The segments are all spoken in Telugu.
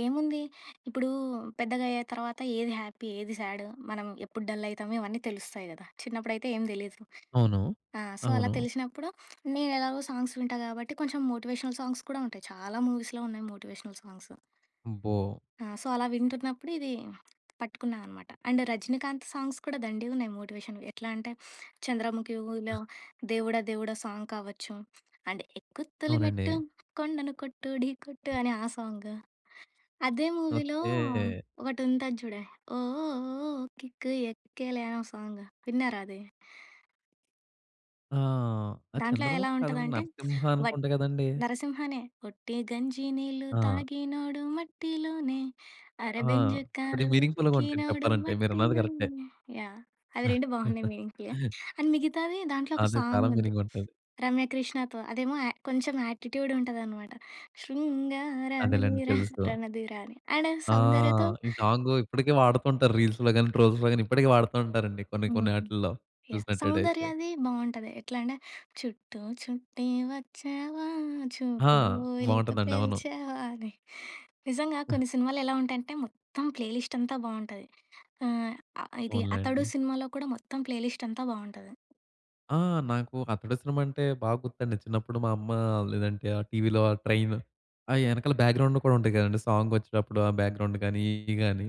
ఏముంది, ఇప్పుడు పెద్దగా అయ్యే తర్వాత ఏది హ్యాపీ ఏది సాడు మనం ఎప్పుడు డల్ అయితాము ఇవన్నీ తెలుస్తయి కదా! చిన్నప్పుడైతే ఏం తెలీదు. అవును. ఆ! సో, అలా అవును. తెలిసినప్పుడు నేను ఎలాగో సాంగ్స్ వింటా కాబట్టి కొంచెం మోటివేషనల్ సాంగ్స్ కూడా ఉంటాయి చాలా మూవీస్‌లో ఉన్నాయి మోటివేషనల్ సాంగ్సు. అబ్బో! ఆ! సో, అలా వింటున్నప్పుడు ఇదీ, పట్టుకున్నా అనమాట. అండ్ రజనీకాంత్ సాంగ్స్ కూడా దండిగా ఉన్నాయి మోటివేషన్‌వి. ఎట్లా అంటే 'చంద్రముఖిలో,' 'దేవుడా దేవుడా' సాంగ్ కావచ్చు, అండ్ ఎక్కు తొలి అవునండి. మెట్టు కొండను కొట్టు ఢీ కొట్టు అనె ఆ సాంగు, అదే మూవీలో ఓకే. ఒకటి ఉంటది చూడు ఓ ఓ ఓ ఓ కిక్కు ఎక్కేలే అనే ఒక సాంగు విన్నారా అది? ఆ! అది దాంట్లో ఎలా 'చంద్రముఖి' కాదండి ఉంటదంటే 'నరసింహ' వ అనుకుంట కదండీ! 'నరసింహనే.' ఒట్టి గంజి నీళ్లు ఆ! తాగినోడు మట్టిలోనే అరె ఆ! బెంజి అది కారు మీనింగ్‌ఫుల్‌గుంటది ఎక్కినోడు చెప్పాలంటే. మీరన్నది కరెక్టే. మట్టిలోనే. యాహ్! అవి 2 బావున్నాయి మీనింగ్‌ఫుల్‌గా. అండ్ మిగతాది దాంట్లో ఒక అదే చాలా సాంగుంది. మీనింగుంటుంది. రమ్య కృష్ణతో అదేమో, య కొంచెం యాటిట్యూడ్ ఉంటదనమాట శృంగార అదేలేండి దీర తెలుసు. 'రణధీర' అని. అండు ఆ! సౌందర్యతో ఈ సాంగు ఇప్పటికీ వాడుతుంటారు రీల్స్‌లో గాని ట్రోల్స్‌లో గాని ఇప్పటికి వాడుతూ ఉంటారండి కొన్ని హ్మ్. కొన్ని ఆటిల్లో యాహ్! చూసినట్టైతే. సౌందర్యది బావుంటది. ఎట్లా అంటే చుట్టూ చుట్టి వచ్చావా ఆ! చూపుడు వేలుతో బావుంటదండి. అవును. పేల్చావా అని నిజంగా కొన్ని సినిమాలు ఎలా ఉంటాయంటే మొత్తం ప్లే లిస్టంతా బావుంటది. ఆహ్, అ ఇది 'అతడు' పోనిలేండి. సినిమాలో కూడా మొత్తం ప్లే లిస్టంతా బావుంటది. ఆ! నాకు 'అతడు' సినిమా అంటే బాగా గుర్తుండి చిన్నప్పుడు మా అమ్మ లేదంటే ఆ టీవీలో ఆ ట్రైవు ఆ ఎనకాల బ్యాక్‌గ్రౌండ్‌లో కూడా ఉంటాయి కదండీ! సాంగొచ్చేటప్పుడు ఆ బ్యాక్‌గ్రౌండ్ గానీ ఇయ్యి గానీ.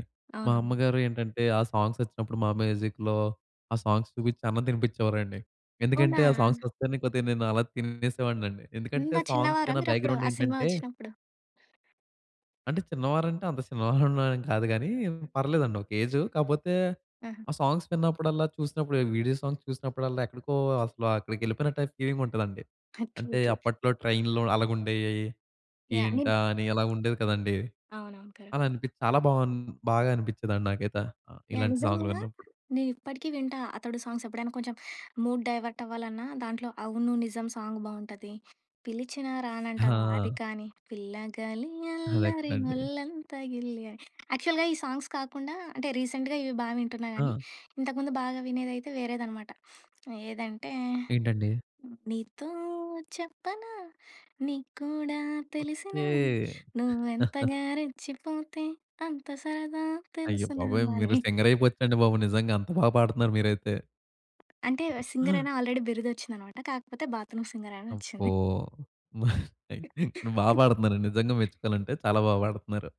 మా అవునవును. అమ్మగారు ఏంటంటే ఆ సాంగ్సొచ్చినప్పుడు మా మ్యూజిక్‌లో ఆ సాంగ్స్ చూపించి అన్నం తినిపించేవారండి ఎందుకంటే అవునా! ఆ సాంగ్సొస్తేనే కొద్దిగా నేను అలా తినేసేవాడినండి ఎందుకంటే అంత చిన్నవారా సాంగ్స్‌కన్నా మీరప్పుడు, ఆ సినిమా బ్యాక్‌గ్రౌండేంటంటే వచ్చినప్పుడు? అంటే చిన్నవారంటే అంత చిన్నవారళ్ళం ఏం కాదు గాని పర్లేదండి ఒక ఏజు. కాపోతే ఆహా! ఆ సాంగ్స్ విన్నప్పుడల్లా చూసినప్పుడు వీడియో సాంగ్స్ చూసినప్పుడల్లా ఎక్కడికో అసలు అక్కడికెళ్ళిపోయినట్టై ఫీలింగుంటాదండి. ట్రూ అంటే ట్రూ. అప్పట్లో ట్రైన్‌లో అలాగుండేయి. యాహ్! నేను ఏంటా అని అలాగా ఉండేది కదండీ! అవునవును. కరెక్ట్. అలా అనిపించి చాలా బావుం బా బాగా అనిపించేదండి నాకైతే. ఆహ్, యాహ్! ఇలాంటి సాంగులు నిజంగా విన్నప్పుడు. నేనిప్పటికి వింటా 'అతడు' సాంగ్సెప్పుడైనా కొంచెం మూడ్ డైవర్ట్ అవ్వాలన్నా దాంట్లో 'అవును నిజం' సాంగ్ బావుంటది. 'పిలిచినా రానంటవా' అది ఆ! కానీ, పిల్లగలి అదే అల్లరి కదండీ. ఒల్లంత గిల్లి అని. యాక్చువల్‌గా ఈ సాంగ్స్ కాకుండా అంటే రీసెంట్‌గా ఇవి బా వింటున్నా గానీ ఆ! ఇంతకుముందు బాగా వినేదయితే వేరేదనమాట. ఏదంటే, ఏంటండి? నీతో చెప్పనా నీకు కూడా తెలిసినా ఓకే. నువ్వు ఎంతగా రెచ్చిపోతే అంత సరదా అయ్యో తెలుసునా బాబోయ్! మీరు అని. సింగరయిపోచ్చండి బాబు. నిజంగా. అంత బాగా పాడతున్నారు మీరైతే. అంటే సింగరని ఆల్రెడీ బిరుదొచ్చిందన్నమాట. కాకపోతే బాత్‌రూమ్ సింగరని అబ్బో! వచ్చింది. మరి బా పాడుతున్నారు నిజంగా మెచ్చుకోవాలంటే, చాలా బా పాడుతున్నారు.